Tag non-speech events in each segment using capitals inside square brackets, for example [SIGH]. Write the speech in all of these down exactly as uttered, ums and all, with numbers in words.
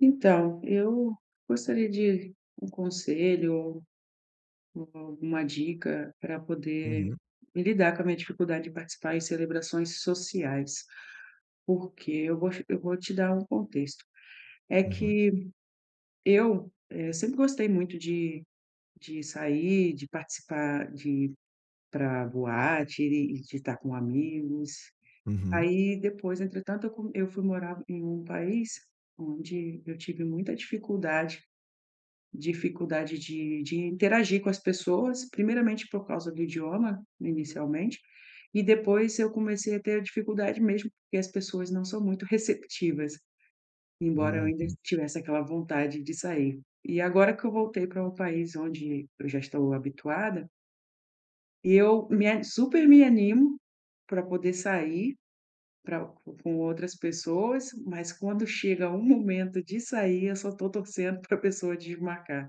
Então, eu gostaria de um conselho ou ou alguma dica para poder Uhum. lidar com a minha dificuldade de participar em celebrações sociais, porque eu gos eu vou te dar um contexto. É Uhum. que eu, eh, sempre gostei muito de de sair, de participar de ir para boate e de estar com amigos. Uhum. Aí depois, entretanto, eu co eu fui morar em um país onde eu tive muita dificuldade dificuldade de de interagir com as pessoas, primeiramente por causa do idioma, inicialmente, e depois eu comecei a ter a dificuldade mesmo, porque as pessoas não são muito receptivas, embora eu ainda Uhum. tivesse aquela vontade de sair. E agora que eu voltei para um país onde eu já estou habituada eu me a super me animo para poder sair para co com outras pessoas, mas quando chega o momento de sair, eu só estou torcendo [CHUCKLES] para pessoa desmarcar,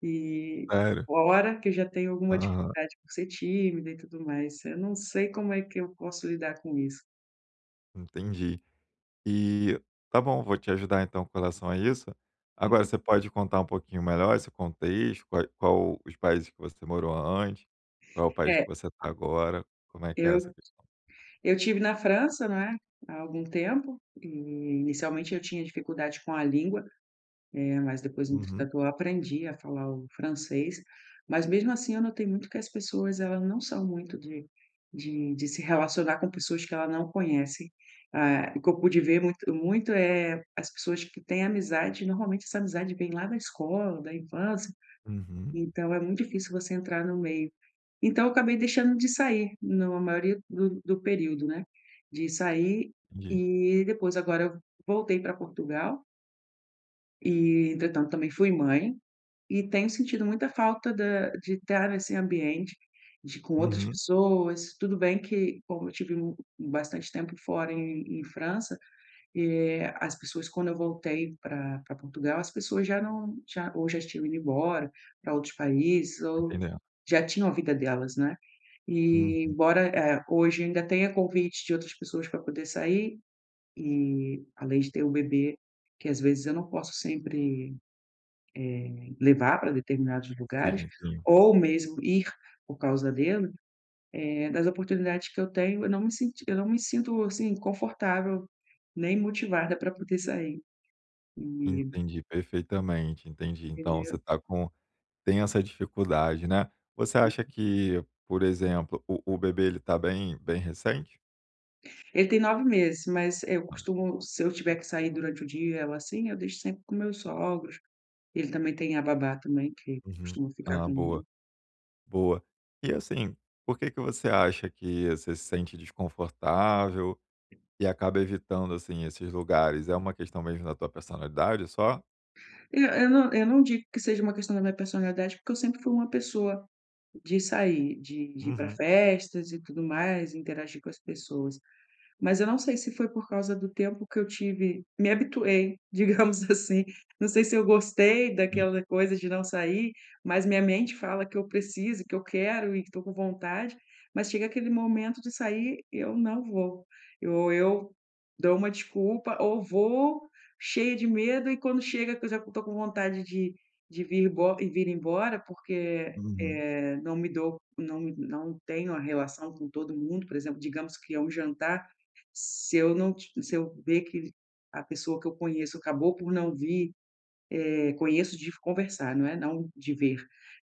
e Sério? fora que eu já tenha alguma Aham. dificuldade por ser tímida e tudo mais. Eu não sei como é que eu posso lidar com isso. Entendi. E, está bom, vou te ajudar então com relação a isso, agora você pode contar um pouquinho melhor esse contexto, quai qual os países que você morou antes, qual é o país que É. você tá agora, como é que é Eu t essa [UNINTELLIGIBLE] eu tive na França, não é, há algum tempo, e inicialmente eu tinha dificuldade com a língua, eh, mas depois, Uhum. entretanto, eu aprendi a falar o francês, mas mesmo assim eu notei muito que as pessoas, elas não são muito de de de se relacionar com pessoas que ela não conhece, ah, o que eu pude ver muito muito, eh, as pessoas que têm amizade, normalmente essa amizade vem lá da escola, da infância, Uhum. então é muito difícil você entrar no meio. Então eu acabei deixando de sair no maioria do do período, né, de sair Entendi. e depois agora eu voltei pra Portugal e entretanto também fui mãe, e tenho sentido muita falta da de estar neste ambiente de com outras Uhum. pessoas. Tudo bem que como eu tive mu bastante tempo fora em em França, eh, as pessoas, quando eu voltei para para Portugal, as pessoas já não já ou já tinham ido embora pra outros países, Estou ou entendendo. já tinham a vida delas, né, e Uhum. embora, eh, hoje ainda tenha convites de outras pessoas para poder sair e além de ter o bebê, que às vezes eu não posso sempre, eh, levar para determinados lugares Seja [UNINTELLIGIBLE] ou mesmo ir por causa dele, eh, das oportunidades que eu tenho, eu não me senti eu não me sinto, assim, confortável nem motivada pra poder sair, e Entendi perfeitamente, entendi, então você está com tem essa dificuldade, né. Você acha que, por exemplo, o o bebê, ele tá bem bem recente? Ele tem nove meses, mas eu [UNINTELLIGIBLE] costumo Se eu tiver que sair durante o dia e ela assim, eu deixo sempre com meus sogros. Ele também tem a babá também que Uhum. costuma ficar Ah, com boa. ele. Boa. E, assim, por que que você acha que você se sente desconfortável e acaba evitando, assim, esses lugares, é uma questão mesmo da tua personalidade, só? Não, eu não eu não digo que seja uma questão da minha personalidade, porque eu sempre fui uma pessoa de sair, de de ir pra Uhum. festas e tudo mais, interagir com as pessoas, mas eu não sei se foi por causa do tempo que eu tive me habituei, digamos assim, não sei se eu gostei Sim. daquela coisa de não sair, mas minha mente fala que eu preciso, que eu quero e que tô com vontade, mas chega aquele momento de sair e eu não vou, eu ou eu dou uma desculpa ou vou cheia de medo e quando chega, que eu já não tô com vontade de de vir embo e vir embora, porque é Uhum. eh, não me dou não me não tenho a relação com todo mundo, por exemplo, digamos que é um jantar, se eu não ti se eu ver que a pessoa que eu conheço acabou por não vir, eh, conheço de f conversar, né, não de ver.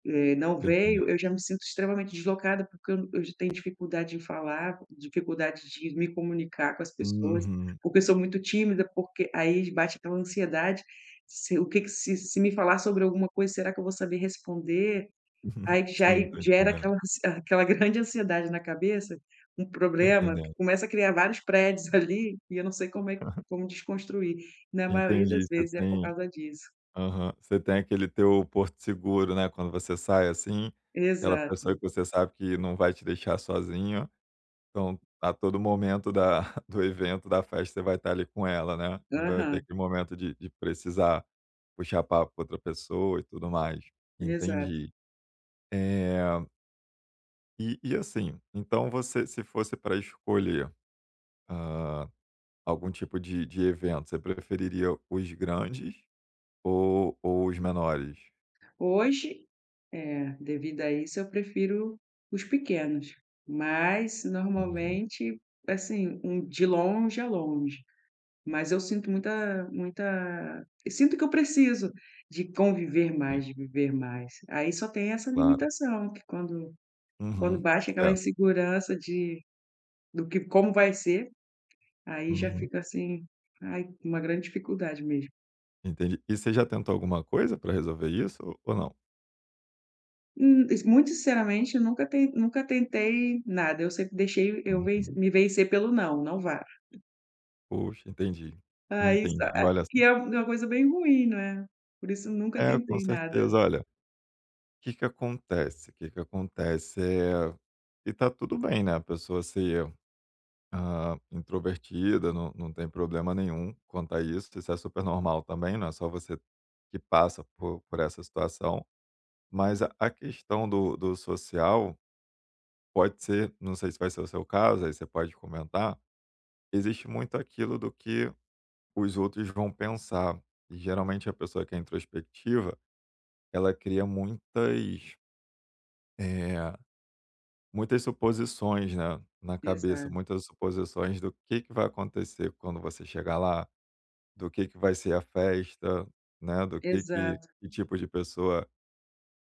Eh, não Tô entendendo. veio, eu já me sinto extremamente deslocada, porque eu n eu já tenho dificuldade em falar, dificuldade de me comunicar com as pessoas, Uhum. porque sou muito tímida, porque aí j bate aquela ansiedade, se o que que "se se me falar sobre alguma coisa, será que eu vou saber responder?" [CHUCKLES] Aí q já Sim, e tô gera entendendo. aquela ansie aquela grande ansiedade na cabeça, um Tô problema que entendendo. começa a criar vários prédios ali e eu não sei como é q Aham. como desconstruir. Na maioria das Entendi, você vezes é por tem causa disso. Aham. Você tem aquele teu porto seguro, né, quando você sai, assim, aquela pessoa que Exato. você sabe que não vai te deixar sozinha. Então, a todo momento da [CHUCKLES] do evento, da festa, você vai estar ali com ela, né, não vai ter Aham. aquele momento de de precisar puxar papo com outra pessoa e tudo mais. Exato. Entendi. Eh E e, assim, então você, se fosse pra escolher, hã, algum tipo de de evento, você preferiria os grandes ou ou os menores? Hoje, eh, devido a isso, eu prefiro os pequenos, mas Uhum. normalmente, assim, um de longe a longe. Mas eu sinto muita muita sinto que eu preciso de conviver Sim. mais, de viver mais. Aí só tem essa Claro. limitação que quando quando Uhum. bate aquela Certo. insegurança de do que como vai ser, aí já Uhum. fica assim, ai, uma grande dificuldade mesmo. Entendi. E você já tentou alguma coisa pra resolver isso ou ou não? Hum, es muito sinceramente, nunca ten nunca tentei nada. Eu sempre deixei eu ven Uhum. me vencer pelo: "Não, não vá". Puxa, entendi. Aí, sa Entendi. eh, Olha que é uma coisa bem ruim, né. Por isso nunca É, com tentei nada. certeza. Olha, que que acontece, que que acontece, eh, e tá tudo bem, né, a pessoa ser, hã, introvertida, não não tem problema nenhum quanto a isso, isso é super normal também, não é só você que passa por por essa situação. Mas a a questão do do social pode ser, não sei se vai ser o seu caso, aí você pode comentar, existe muito aquilo do que os outros vão pensar e geralmente a pessoa que é introspectiva, ela cria muitas eh, muitas suposições, né, na cabeça, Exato. muitas suposições do que que vai acontecer quando você chegar lá, do que que vai ser a festa, né, do que que Exato. que tipo de pessoa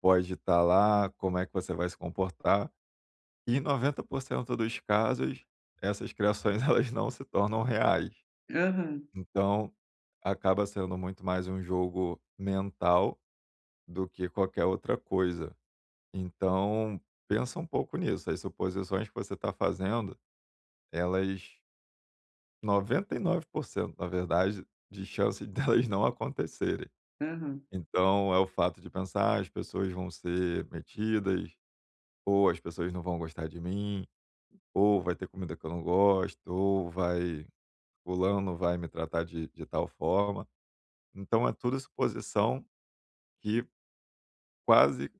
pode estar lá, como é que você vai se comportar. E noventa por cento dos casos essas criações, elas não se tornam reais. Aham. Então acaba sendo muito mais um jogo mental do que qualquer outra coisa. Então pensa um pouco nisso, as suposições que você tá fazendo, elas noventa e nove por cento, na verdade, de chance delas não acontecerem. Aham. Então, é o fato de pensar: "Ah, as pessoas vão ser metidas", ou "As pessoas não vão gostar de mim", ou "Vai ter comida que eu não gosto", ou "Vai fulano vai me tratar de de tal forma". Então é tudo suposição que quase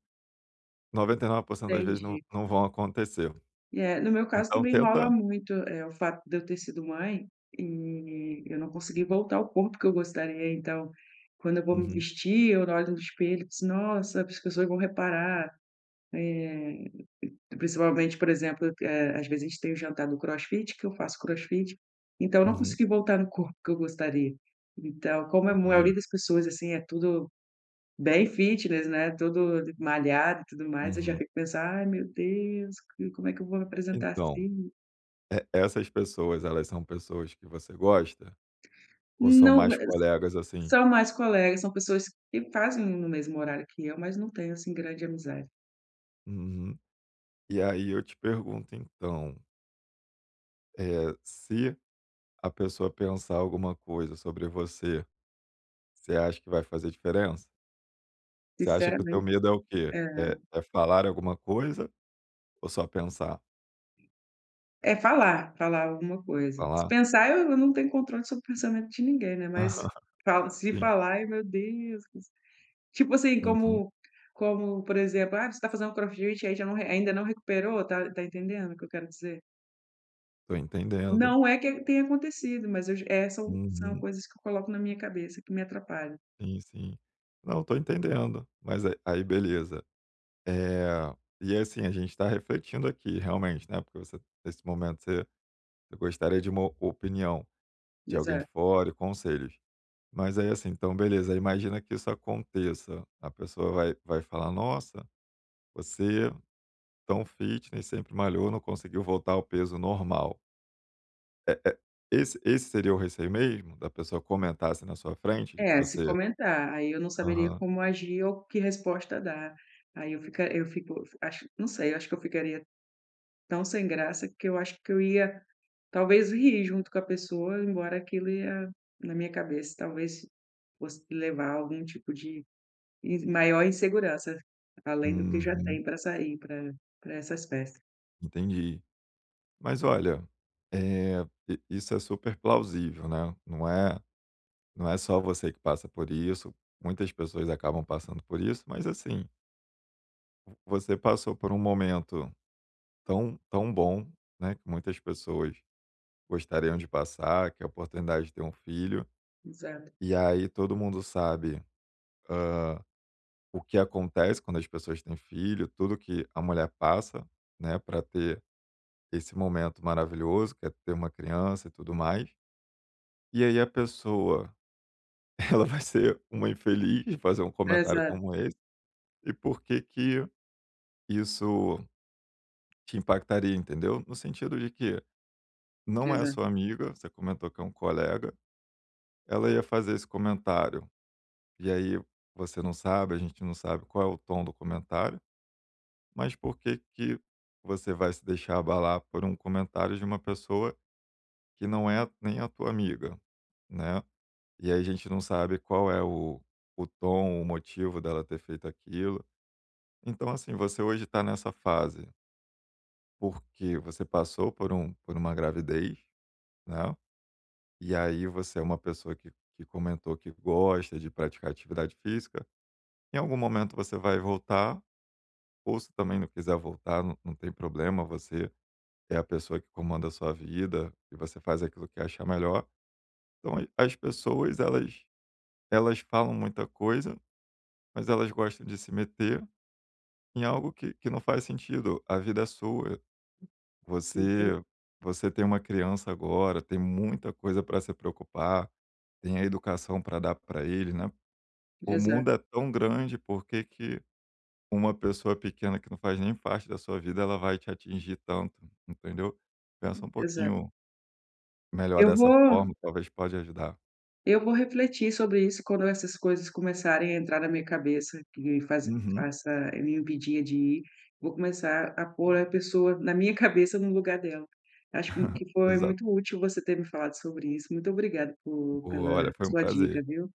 noventa e nove por cento, das vezes não Entendi. não vão acontecer. É, no meu caso Então também rola tenta muito, eh, o fato de eu ter sido mãe e eu não conseguir voltar ao corpo que eu gostaria, então, quando eu vou me Uhum. vestir eu olho no espelho, eu disse: "Nossa, as pessoas vão reparar" eh, p principalmente, por exemplo, que, eh, às vezes a gente tem o jantar do crossfit, que eu faço crossfit, então, eu não Uhum. consegui voltar no corpo que eu gostaria. Então, como é mu a maioria Entendi. das pessoas, assim, é tudo bem fitness, né, tudo malhado e tudo mais, eu já Uhum. fico pensando: "Ai, meu Deus, que como é que eu vou apresentar Então, assim?". e essas pessoas, elas são pessoas que você gosta? Ou são Não, mais mas colegas, assim? são mais colegas, são pessoas que fazem no mesmo horário que eu, mas não tenho, assim, grande amizade. Uhum. E aí eu te pergunto então eh, se a pessoa pensar alguma coisa sobre você, você acha que vai fazer diferença? Você acha que o teu Sinceramen medo é o quê? É. É é falarem alguma coisa ou só pensar? É falar, falar alguma coisa. Se Falar? pensar eu eu não tenho controle sobre o pensamento de ninguém, né, mas [CHUCKLES] fal se Sim. falar, ai meu Deus! Tipo assim, Uhum. como como, por exemplo: "Ah, você está fazendo crossfit? Aí já não re ainda não recuperou" tá tá entendendo o que eu quero dizer? Tô entendendo. Não é que tenha acontecido, mas eu je é, são são Uhum. coisas que eu coloco na minha cabeça que me atrapalha. Sim, sim. Não, estou entendendo. Mas a aí beleza, eh, e assim, a gente tá refletindo aqui realmente, né, porque você nesse momento você você gostaria de uma o opinião de alguém de Exato. fora e conselhos. Mas aí, assim, então beleza, imagina que isso aconteça, a pessoa vai vai falar: "Nossa, você tão fitness, sempre malhou, não conseguiu voltar ao peso normal". É é esse esse seria o receio mesmo? Da pessoa comentar assim na sua frente de que É, se você comentar, aí eu não saberia Aham. como agir ou que resposta dar. Aí eu fica eu fico acho não sei, acho que eu ficaria tão sem graça, que eu acho que eu ia talvez rir junto com a pessoa, embora aquilo ia, na minha cabeça, talvez fosse levar algum tipo de in maior insegurança, além do que já tem Uhum. pra sair pra pra essas festas. Entendi. Mas olha, eh, i isso é super plausível, né, não é não é só você que passa por isso, muitas pessoas acabam passando por isso, mas, assim vo você passou por um momento tão tão bom, né, que muitas pessoas gostariam de passar, que é a oportunidade de ter um filho. Exato. E aí todo mundo sabe, hã, o que acontece quando as pessoas têm filho, tudo que a mulher passa, né, pra ter esse momento maravilhoso, que é ter uma criança e tudo mais. E aí a pessoa, ela vai ser uma infeliz de fazer um comentário Exato. como esse, e por que que isso te impactaria, entendeu? No sentido de que não é Exa sua amiga, você comentou que é um colega, ela ia fazer esse comentário e aí você não sabe, a gente não sabe qual é o tom do comentário, mas por que que você vai se deixar abalar por um comentário de uma pessoa que não é nem a tua amiga, né. E aí a gente não sabe qual é o o tom, o motivo dela ter feito aquilo, então assim, você hoje está nessa fase Porque você passou por um por uma gravidez, né, e aí você é uma pessoa que que comentou que gosta de praticar atividade física, em algum momento você vai voltar, ou se também não quiser voltar, não não tem problema, você é a pessoa que comanda a sua vida e você faz aquilo que achar melhor. Então a as pessoas, elas elas falam muita coisa, mas elas gostam de se meter em algo que que não faz sentido, a vida é sua. Enten Você você tem uma criança agora, tem muita coisa pra se preocupar, tem a educação para dar pra ele, né. O Exato. mundo é tão grande, por que que uma pessoa pequena que não faz nem parte da sua vida, ela vai te atingir tanto, entendeu, pensa um Exato. pouquinho melhor Eu dessa vou forma, talvez pode ajudar. eu vou refletir sobre isso quando essas coisas começarem a entrar na minha cabeça, que faz Uhum. faça me impedia de ir, vou começar a pôr a pessoa, na minha cabeça, no lugar dela. Acho que [LAUGHS] que foi Exato. muito útil você ter me falado sobre isso, muito obrigada po pela Boa. Olha, a foi um sua dica, prazer. viu.